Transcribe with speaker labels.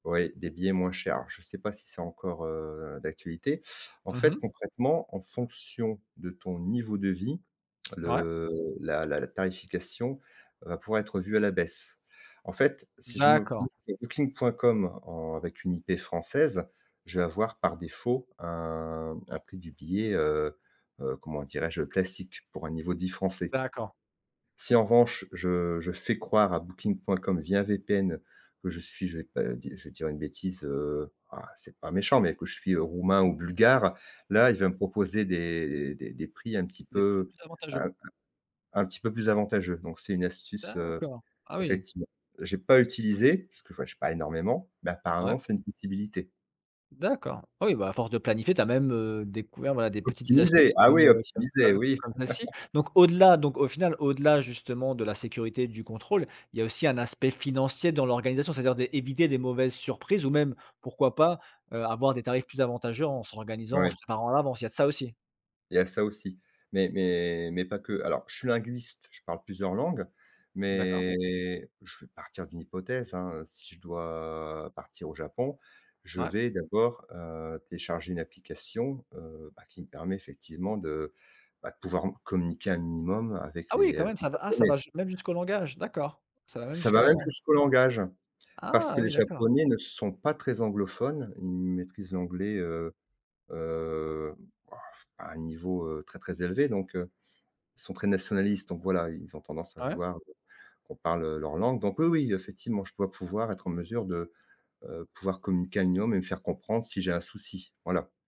Speaker 1: Ouais. Des billets moins chers. Je sais pas si c'est encore, heu, d'actualité. En
Speaker 2: Mmh
Speaker 1: fait,
Speaker 2: mh.
Speaker 1: concrètement, en fonction de ton niveau de vie,
Speaker 2: Ouais.
Speaker 1: le la la tarification va pouvoir être revue à la baisse. En fait, si je me
Speaker 2: D'accord.
Speaker 1: [unintelligible] à Booking.com, en avec une IP française, je vais avoir, par défaut, un un prix du billet, heu heu, comment dirais-je? Heu, classique pour un niveau dit français.
Speaker 2: D'accord.
Speaker 1: Si, en revanche, je je fais croire à Booking.com, via VPN, que je suis je vais pas di je vais dire une bêtise. Heu, enfin, c'est pas méchant, mais que je suis, heu, Roumain ou Bulgare,
Speaker 2: Ouais.
Speaker 1: là, il va me proposer des des des des prix un petit
Speaker 2: Des prix
Speaker 1: peu
Speaker 2: plus avantageux?
Speaker 1: un un un petit plus avantageux. Donc, c'est une astuce, heu,
Speaker 2: D'accord. Ah oui!
Speaker 1: effectivement. J'ai pas utilisé, parce que je voyage pas énormément, mais
Speaker 2: Ouais.
Speaker 1: apparemment, c'est une possibilité.
Speaker 2: D'accord. Ah oui, bah, à force de planifier, tu as même, heu, découvert, voilà, des petites
Speaker 1: Optimiser,
Speaker 2: astuces
Speaker 1: ah
Speaker 2: comme,
Speaker 1: oui,
Speaker 2: heu, comme,
Speaker 1: optimiser,
Speaker 2: heu,
Speaker 1: oui!
Speaker 2: comme. [unintelligible] Donc au-delà donc, au final, au-delà, justement de la sécurité et du contrôle, il y a aussi un aspect financier dans l'organisation. C'est-à-dire d'é éviter des mauvaises surprises ou même, pourquoi pas, heu, avoir des tarifs plus avantageux en s'organisant, en
Speaker 1: Ouais.
Speaker 2: se préparant à l'avance, il y a de ça aussi?
Speaker 1: Il y a ça aussi, mais mais mais pas que. Alors, je suis linguiste, je parle plusieurs langues,
Speaker 2: D'accord.
Speaker 1: mais je vais partir d'une hypothèse, hein, heu, si je dois partir au Japon, je
Speaker 2: Ouais.
Speaker 1: vais d'abord, heu, télécharger une application, heu, bah qui me permet effectivement de, bah, de pouvoir m communiquer un minimum avec
Speaker 2: Ah, oui,
Speaker 1: les
Speaker 2: quand
Speaker 1: avec
Speaker 2: même!
Speaker 1: les
Speaker 2: Ça va ah ça
Speaker 1: Japonais.
Speaker 2: va ju même jusqu'au langage. D'accord, ça va même
Speaker 1: Ça
Speaker 2: jusqu'à
Speaker 1: va
Speaker 2: la
Speaker 1: même
Speaker 2: langue?
Speaker 1: jusqu'au langage, parce
Speaker 2: Ah,
Speaker 1: que les
Speaker 2: oui, d'accord.
Speaker 1: Japonais ne sont pas très anglophones. Ils maîtrisent l'anglais, heu heu, oh, à un niveau, heu, très très élevé, donc, heu ils sont très nationalistes, donc voilà, ils ont tendance à
Speaker 2: Ah ouais?
Speaker 1: vouloir, heu, qu'on parle, heu, leur langue. Donc oui, oui, effectivement, je dois pouvoir être en mesure de, heu, pouvoir communiquer à minimum et me faire comprendre si j'ai un souci, voilà.